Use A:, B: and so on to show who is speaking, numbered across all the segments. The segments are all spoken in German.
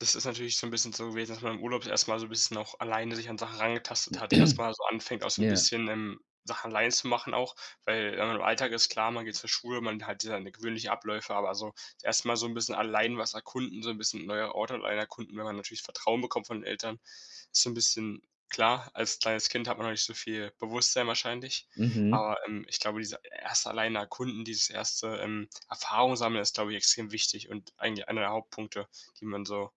A: Das ist natürlich so 'n bisschen so gewesen, dass man im Urlaub erst mal so bisschen auch alleine sich an Sachen rangetastet hat, erst mal so anfängt, auch so 'n
B: Ja.
A: bisschen, ähm, Sachen allein zu machen auch. Weil, äh, im Alltag ist klar, man geht zur Schule, man hat seine gewöhnliche Abläufe, aber so das 1. Mal so 'n bisschen allein was erkunden, so 'n bisschen neue Orte allein erkunden, wenn man natürlich Vertrauen bekommt von den Eltern, ist so 'n bisschen klar, als kleines Kind hat man noch nicht so viel Bewusstsein wahrscheinlich,
B: Mhm.
A: aber, ähm, ich glaube, diese 1. allein erkunden dieses 1., ähm, Erfahrung-sammeln ist, glaube ich, extrem wichtig und eigentlich einer der Hauptpunkte, die man so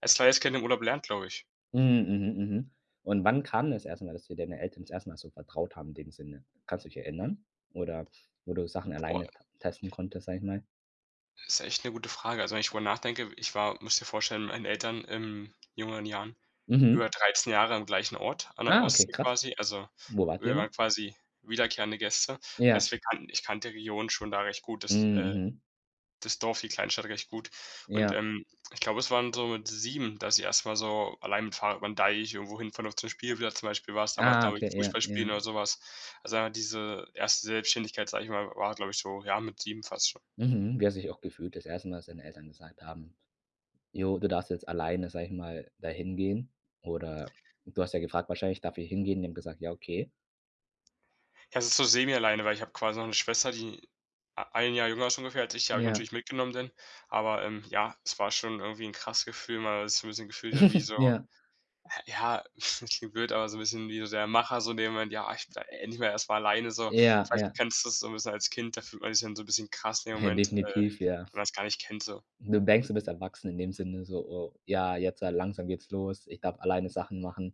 A: als kleines Kind im Urlaub lernt, glaube ich.
B: Mhm. Mhm. Mhm. Und wann kam das 1. Mal, dass dir deine Eltern das 1. Mal so vertraut haben in dem Sinne? Kannst du dich erinnern oder wo du Sachen
A: Voll.
B: alleine ta testen konntest, sage ich mal?
A: Ist echt 'ne gute Frage. Also wenn ich drüber nachdenke, w ich war, musst dir vorstellen, mit meinen Eltern in jüngeren Jahren
B: Mhm.
A: über 13 Jahre am gleichen Ort, an der
B: Ah, okay,
A: Ostsee
B: krass.
A: quasi. Also,
B: Wo wart ihr
A: wir
B: immer?
A: waren quasi wiederkehrende Gäste.
B: Ja.
A: Heißt, wir kannten ich kannte die Region schon da recht gut. Das,
B: Mhm.
A: äh
B: Mhm.
A: das Dorf die Kleinstadt recht gut. Und,
B: Ja.
A: ähm, ich glaube, es waren so mit 7, dass ich erst mal so allein mit 'm Fahhrad über 'n Deich, irgendwohin fahren noch zum Spielplatz, zum Beispiel, war's damals,
B: Ah,
A: glaube ich,
B: okay, ja,
A: Fußballspielen
B: ja.
A: oder so was. Also, dann diese 1. Selbstständigkeit, sage ich mal, w war, glaube ich, so, ja, mit 7 fast schon.
B: Mhm. Wie hast du dich auch gefühlt das 1. Mal als deine Eltern gesagt haben: „Ja, du darfst jetzt alleine, sage ich mal, da hingehen?“ Oder du hast ja gefragt wahrscheinlich: „Darf ich hingehen?“ Die haben gesagt: „Ja, okay.“
A: Ja, es ist so semi-alleine, weil ich hab quasi noch 'ne Schwester, die a 1 Jahr jünger ist ungefähr als ich, die habe ich
B: Ja.
A: natürlich mitgenommen denn. Aber, ähm, ja, es war schon irgendwie 'n krasses Gefühl, weil man sich so 'n bisschen gefühlt hat wie so
B: Ja.
A: ja, klingt blöd, aber so 'n bisschen wie so der Macher so in dem Moment: „Ja, ich bin endlich mal erst mal alleine so.“
B: Ja.
A: Vielleicht
B: Ja.
A: kennst du es so 'n bisschen als Kind, da fühlt man sich dann so 'n bisschen krass in dem
B: Na,
A: Moment, äh,
B: definitiv, ja.
A: wenn man's gar nicht kennt so.
B: Du denkst, du bist erwachsen in dem Sinne so: „Oh, ja, jetzt, äh, langsam geht's los. Ich darf alleine Sachen machen.”